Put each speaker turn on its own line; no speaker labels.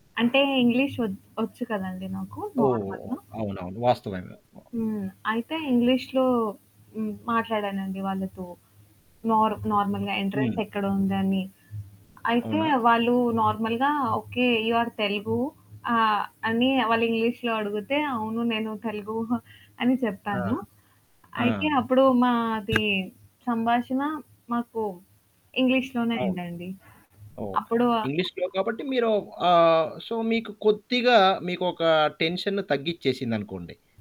అంటే ఇంగ్లీషు వచ్ వచ్చు కదండీ నాకు
ఓహ్!
నార్మల్‌గా!
అవునవును. వాస్తవమే. వా
హ్మ్. అయితే ఇంగ్లీష్‌లో హ్మ్, మాట్లాడానండి వాళ్ళతో, నారు నార్మల్‌గా ఎంట్రన్స్
హ్మ్.
ఎక్కడుందని. అయితే
అవునా?
వాళ్ళు నార్మల్‌గా "ఓకే, యూ‌ ఆర్ తెలుగు!" ఆహ్, అని వాళ్ళు ఇంగ్లీష్‌లో అడుగుతే, అవును నేను తెలుగూ అని
ఆ!
చెప్పాను.
ఆ!
అయితే అప్పుడు మాది సంభాషణ మాకు ఇంగ్లీష్‌లోనే
అవును.
అయిందండి.
ఓహ్!
అప్పుడు ఆ
ఇంగ్లీష్‌లో కాబట్టి మీరో ఆహ్, సో, మీకు కొద్దిగా మీకొక టెన్షన్‌ను తగ్గిచ్చేసిందనుకోండి.